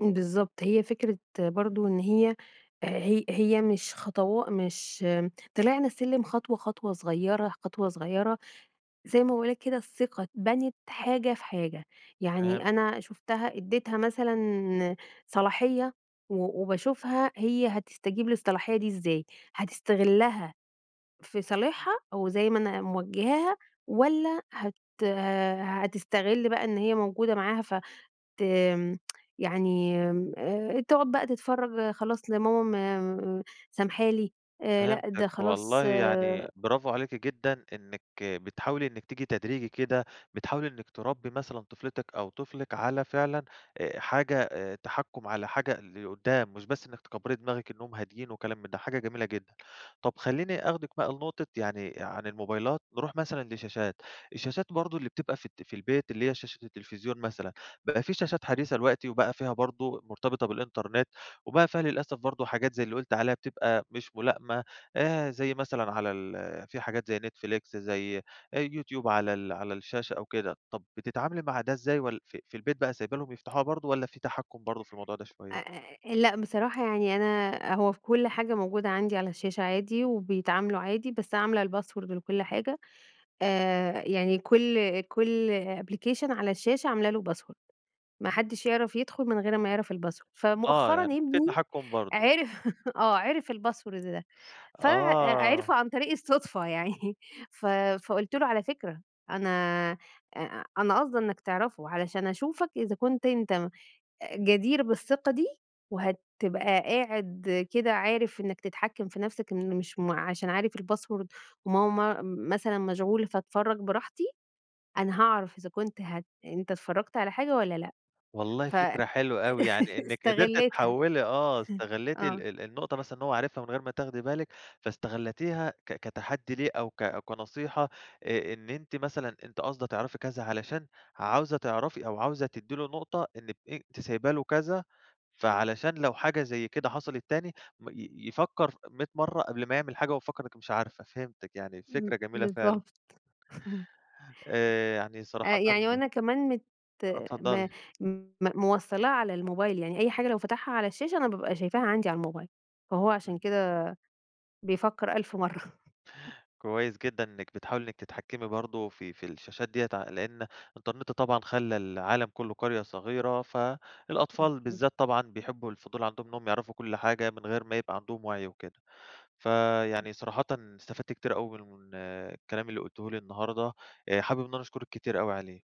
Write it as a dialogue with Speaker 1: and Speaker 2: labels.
Speaker 1: امم، بالضبط هي فكرة برضه إن هي آآ هي هي مش خطوا مش طلعنا السلم خطوة، خطوة صغيّرة، خطوة صغيّرة زي ما باقُول لَك كده الثقة اتبنت حاجة في حاجة يعني
Speaker 2: فهمتِك.
Speaker 1: أنا شُفتها ادّيتها مثلًا صلاحية و وباشوفها هي هتستجيب للصلاحية دي إزاي؟ هتستغِلّها في صالِحها أو زي ما أنا موجِِّهاها والّا هت هتستغِلّ بقى إن هي موجودة معاها فت يعني تقعد بقى تتفرّج خلاص لماما م سامحة لي آآ لأ،
Speaker 2: فهمتِك،
Speaker 1: ده
Speaker 2: والله
Speaker 1: خلاص
Speaker 2: يعني bravo عليكِ جدًا إنك بتحاولي إنك تيجي تدريجي كده بتحاولي إنك تربّي مثلًا طفلتِك أو طفلِك على فعلًا آآ حاجة آآ تحكّم على حاجة لقدّام مش بس إنك تكبّري دماغِك إنهم هادين وكلام من ده، حاجة جميلة جدًا. طَب خلّيني أخدِك بقى لنقطة يعني عن الموبايلات نروح مثلًا لشاشات. الشاشات برضه اللي بتبقى في الت في البيت اللي هي شاشة التليفزيون مثلًا، بقى في شاشات حديثة دلوقتي وبقى فيها برضه مرتبطة بالإنترنت، وبقى فيها للأسف برضه حاجات زي، اللي قُلتِ عليها بتبقى مش مُلائِمة، آآ زي مثلًا على ال في حاجات زي Netflix زي YouTube على ال على الشاشة أو كده. طَب بتتعاملي مع ده إزاي؟ ول ف في البيت بقى سايبة لهُم يفتحوها برضه والّا في تحكُّم برضه في الموضوع ده شوية؟
Speaker 1: آآ أ لأ، بصراحة يعني أنا هو في كُلّ حاجة موجودة عندي، على الشاشة عادي وبيتعاملوا عادي، بس عاملة الpassword لكُل حاجة، آآ يعني كُل كُل application على الشاشة عاملة لُه password ما حدّش يعرف يدخُل، من غير أمّا يعرف الpassword
Speaker 2: آه،
Speaker 1: فمؤخرًا
Speaker 2: يعني فيه
Speaker 1: ابني،
Speaker 2: تحكُّم برضه.
Speaker 1: عرف آه، عرف الpasswords ده
Speaker 2: آه.
Speaker 1: فعرِفُه عن طريق الصُدفة يعني ف فقُلت له على فكرة، أنا أ أنا قاصدة إنك تعرفه علشان أشوفك إذا كنت أنت م جدير بالثقة دي وهتبقى قاعد كده عارف إنك تتحكّم في نَفْسك، إن مش م عشان عارف الpassword وماما م مثلًا مشغولة فاتفرج براحتي، أنا هاعرف، إذا كنت هت أنت اتفرّجت على حاجة والّا، لأ،
Speaker 2: والله
Speaker 1: ف أ
Speaker 2: فكرة حلوة أوي يعني إنِك قدرتِ
Speaker 1: استغلِتها
Speaker 2: تحوّلي آه
Speaker 1: ه
Speaker 2: استغلِّتِ ال
Speaker 1: آه.
Speaker 2: ال النقطة مثلًا، إن هو عرِفها من غير ما تاخدي بالِك فاستغلتيها ك كتحدّي ليه، أو ك كنصيحة آآ إن أنتِ مثلًا أنتِ قاصدة تعرفي كذا، علشان عاوزة تعرفي أو عاوزة تدّي له نقطة، إنك أ ت سايبة له كذا فعلشان لو حاجة زي كده حصلت تاني م ي يفكّر ف 100 مرّة، قبل ما يعمِل حاجة وهو مفكّر إنِك مش عارفة. فهمتِك يعني
Speaker 1: إمم،
Speaker 2: الفكرة جميلة، فعلًا.
Speaker 1: بالضبط
Speaker 2: آآ يعني صراحةً
Speaker 1: آآ يعني وأنا كمان مت
Speaker 2: آه، اتفضلي.
Speaker 1: ما م موصّلاَه على الموبايل. يعني أي حاجة لو فتحها على الشاشة، أنا بابقى شايفاها عندي على الموبايل، فهو عشان
Speaker 2: إمم.
Speaker 1: كده، بيفكّر ألف مَرّة امم.
Speaker 2: كويس جدًا، إنك بتحاولي إنك تتحكمي برضه في في الشاشات ديّة ع لأن الإنترنت طبعًا، خلّى العالم كُلّه قرية صغيرة، فالأطفال
Speaker 1: [unintelligible]
Speaker 2: بالذات طبعًا، بيحبّوا الفضول، عندهم إنهُم يعرفوا كُلّ حاجة من غير ما يبقى عندهم وعي وكده،
Speaker 1: إمم
Speaker 2: فيعني صراحةً استفدت كتير أوي م من الكلام اللي قُلتِيه لي النهارده آآ حابِب إن أنا أشكُرِك كتير أوي عليه.